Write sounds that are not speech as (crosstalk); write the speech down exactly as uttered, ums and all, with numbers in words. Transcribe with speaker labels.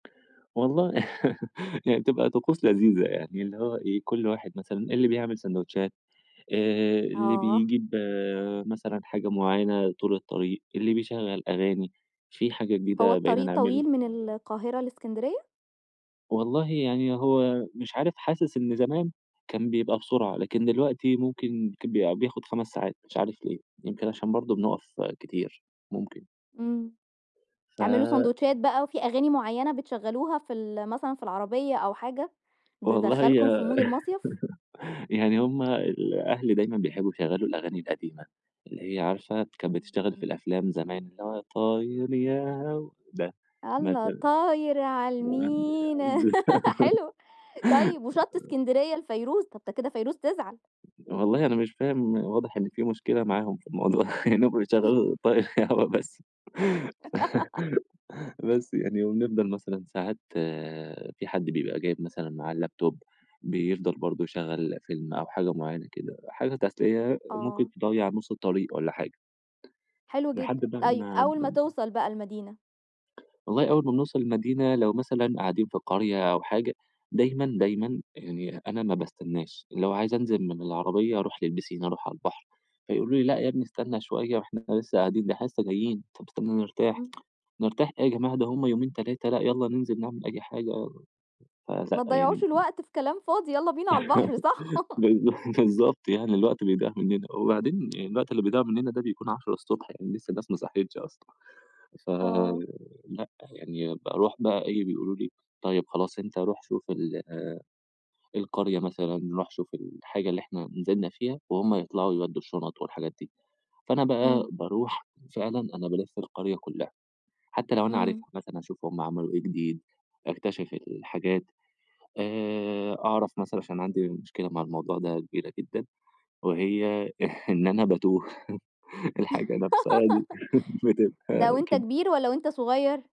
Speaker 1: والله، (chuckles) هي تبقى طقوس لذيذة يعني اللي هو إيه، كل واحد مثلًا اللي بيعمل ساندوتشات، آآ، اللي
Speaker 2: آه
Speaker 1: بيجيب مثلًا حاجة معيّنة طول الطريق، اللي بيشغّل أغاني. في حاجة
Speaker 2: هو
Speaker 1: جديدة بقينا
Speaker 2: الطريق
Speaker 1: نعمل
Speaker 2: طويل من القاهرة لإسكندرية؟
Speaker 1: والله يعني هو مش عارف، حاسس إن زمان كان بيبقى بسرعة، لكن دلوقتي ممكن كب بياخد خَمَس ساعات مش عارف ليه؟ يمكن عشان برضه بنُقَف كتير، ممكن.
Speaker 2: إمم.
Speaker 1: ف
Speaker 2: تعملوا ساندوتشات بقى وفي أغاني معيّنة بتشغّلوها في ال مثلًا في العربية أو حاجة،
Speaker 1: والله، هي
Speaker 2: تدخّلكم في مود المصيف؟
Speaker 1: (chuckles) يعني هم الأهل دايمًا بيحبّوا يشغّلوا الأغاني القديمة، اللي هي عارفة كانت بتشتغل في
Speaker 2: إمم.
Speaker 1: الأفلام زمان اللي هو، طاير يا هَوا ده،
Speaker 2: الله،
Speaker 1: مثلًا
Speaker 2: طاير على
Speaker 1: (unintelligible)
Speaker 2: المينا، (laughs)
Speaker 1: (laughs)
Speaker 2: حلو. طيب، وِشَط إسكندرية لفيروز، طب ده كده فيروز تزعل.
Speaker 1: والله أنا مش فاهم، واضح إن في مشكلة معاهم في الموضوع، لإنّهم
Speaker 2: (chuckles)
Speaker 1: بيشغّلوا طاير يا هَوا بس. (laughs)
Speaker 2: (laughs)
Speaker 1: بس يعني. وبنفضل مثلًا ساعات في حد بيبقى جايب مثلًا معاه اللاب توب، بيفضل برضه يشغّل فيلم أو حاجة معيّنة كده، حاجة تسلية ممكن
Speaker 2: آه
Speaker 1: تضّيع نُص الطريق والّا حاجة.
Speaker 2: حلو
Speaker 1: لحد
Speaker 2: جدًا.
Speaker 1: بقى
Speaker 2: طيب،
Speaker 1: ما
Speaker 2: أول ما
Speaker 1: (unintelligible)
Speaker 2: توصل بقى المدينة؟
Speaker 1: والله أول ما بِنوصل المدينة لو مثلًا قاعدين في قرية أو حاجة دايمًا، دايمًا يعني أنا ما باستنّاش، لو عايز أنزل من العربية أروح للبيسين، أروح على البحر. فيقولوا لي: "لأ يا بني
Speaker 2: إمم.
Speaker 1: استنّى شوية وإحنا لسّه قاعدين، ده إحنا لسّه جايين، طَب استنّى نرتاح."
Speaker 2: إمم.
Speaker 1: (tsk) "نرتاح إيه يا جماعة ده هم يومين، تلاتة، لأ، يالّا ننزل نعمل أي حاجة." ف ذ
Speaker 2: ما
Speaker 1: يعني
Speaker 2: تضيّعوش
Speaker 1: إمم.
Speaker 2: الوقت في كلام فاضي، يالّا بينا على البحر، صح؟
Speaker 1: (laughs)
Speaker 2: (chuckles)
Speaker 1: بالض بالضبط يعني الوقت بيضيع منّنا. وبعدين الوقت اللي بيضع منّنا ده بيكون عشرة الصبح يعني لسّه الناس ما صحيتش أصلًا.
Speaker 2: آه.
Speaker 1: فلأ، يعني باروح بقى إيه، بيقولوا لي: "طيب خلاص أنت روح شوف ال القرية مثلًا، روح شوف الحاجة اللي إحنا نزلنا فيها." وهم يطلعوا يودّوا الشُنَط والحاجات دي. فأنا بقى
Speaker 2: إمم.
Speaker 1: باروح فعلًا أنا بالِف القرية كُلّها، حتّى لو أنا
Speaker 2: إمم.
Speaker 1: عارفها مثلًا هاشوف هم عملوا إيه جديد، أكتِشف الحاجات، آآ أعرف مثلًا عشان عندي مشكلة مع الموضوع ده كبيرة جدًا، وهي (chuckles) إن أنا باتوه، (chuckles) الحاجة نفسها دي (chuckles)
Speaker 2: (laughs) ده
Speaker 1: بتبقى
Speaker 2: وأنت
Speaker 1: كد
Speaker 2: كبير والّا وأنت صغير؟